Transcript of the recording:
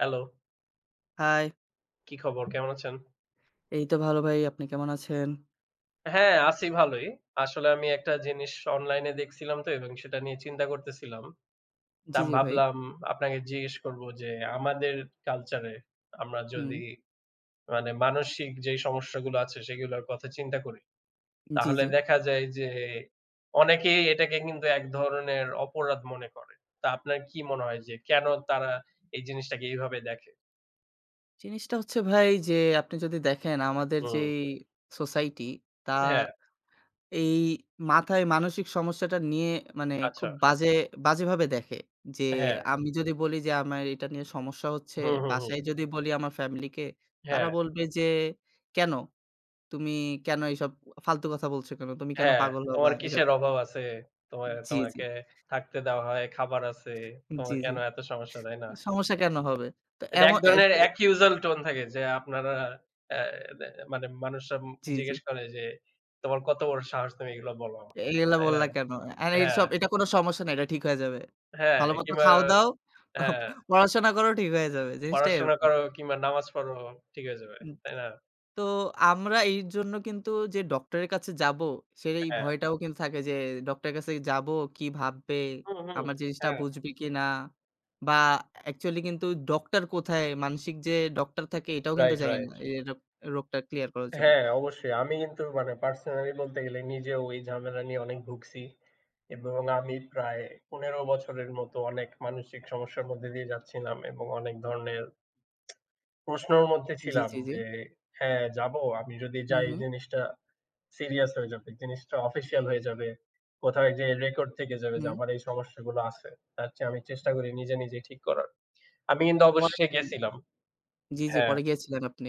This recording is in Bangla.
হ্যালো। হাই। কি খবর? কেমন আছেন? এই তো ভালো ভাই, আপনি কেমন আছেন? হ্যাঁ, আছি ভালই। আসলে আমি একটা জিনিস অনলাইনে দেখছিলাম তো এবং সেটা নিয়ে চিন্তা করতেছিলাম। তো জি, আমি জি ভাই। ভাবলাম আপনাকে জিজ্ঞেস করব যে, আমাদের কালচার এ আমরা হুম। যদি মানে মানসিক যে সমস্যাগুলো আছে সেগুলোর কথা চিন্তা করি। জি, তাহলে জি। দেখা যায় যে অনেকেই এটাকে কিন্তু এক ধরনের অপরাধ মনে করে। তা আপনার কি মনে হয় যে কেন তারা এই জিনিসটাকে এভাবে দেখে? জিনিসটা হচ্ছে ভাই যে আপনি যদি দেখেন আমাদের হুম। যেই সোসাইটি তা হ্যাঁ। এই মাথায় মানসিক সমস্যাটা নিয়ে মানে খুব আচ্ছা। বাজে বাজেভাবে দেখে, যে হ্যাঁ। আমি যদি বলি যে আমার এটা নিয়ে সমস্যা হচ্ছে হুম, হুম, হুম। বাসায় যদি বলি আমার ফ্যামিলিকে তারা হ্যাঁ। বলবে যে, কেন? তুমি কেন এসব ফালতু কথা বলছো কেন? তুমি কেন হ্যাঁ, পাগল হবা তোমার এসব? কিসের অভাব আছে? তোমায় জি, জি। তোমাকে থাকতে দেওয়া হয়, খাবার আছে। তোমার জি, জি। কেন এত সমস্যা তাই না? সমস্যা কেন হবে? তো এটা এক এমন এ ধরনের এ accusal টোন থাকে যে আপনারা আ মানে মানুষরা জি, জি। জিজ্ঞেস করে যে তোমার কত বড় সাহস তুমি এগুলো বলো। এইগুলা তাই না? বললা কেন? আর হ্যাঁ। এইসব, এটা কোন সমস্যা নাই। এটা ঠিক হয়ে যাবে। হ্যাঁ, ভালোমতো কিংবা খাও দাও, হ্যাঁ। পড়াশোনা করোও ঠিক হয়ে যাবে। জিনিসটা পড়াশোনা এরকম। করো কিংবা নামাজ পড়ো ঠিক হয়ে যাবে। হু তাই না? তো আমরা এই জন্য কিন্তু যে ডাক্তারের কাছে যাবো সেটা এই হ্যাঁ। ভয়টাও কিন্তু থাকে যে ডাক্তারের কাছে যাবো, কি ভাববে? হুম, হুম। আমার জিনিসটা হ্যাঁ। বুঝবে কিনা! বা অ্যাকচুয়ালি কিন্তু ডক্টর কোথায় মানসিক যে ডক্টর থাকে এটাও কিন্তু রাইট, জানি না। রাইট। এই রোগ রোগটা ক্লিয়ার করার জন্য। হ্যাঁ, অবশ্যই। আমি কিন্তু মানে পার্সোনালি বলতে গেলে নিজেও এই ঝামেলা নিয়ে অনেক ভুগছি এবং আমি প্রায় ১৫ বছরের মতো অনেক মানসিক সমস্যার মধ্যে দিয়ে যাচ্ছিলাম এবং অনেক ধরনের প্রশ্নর মধ্যে জি, ছিলাম। জি, জি। যে হ্যাঁ যাবো আমি যদি হু, যাই হু। জিনিসটা সিরিয়াস হয়ে যাবে। জিনিসটা official হয়ে যাবে। কোথাও যেয়ে Record থেকে যাবে যে হুম। আমার এই সমস্যাগুলো আছে। তার চেয়ে আমি চেষ্টা করি নিজে নিজে ঠিক করার। আমি কিন্তু পরে অবশেষে কি? গেছিলাম। জি, জি হ্যাঁ। পরে গিয়েছিলেন আপনি।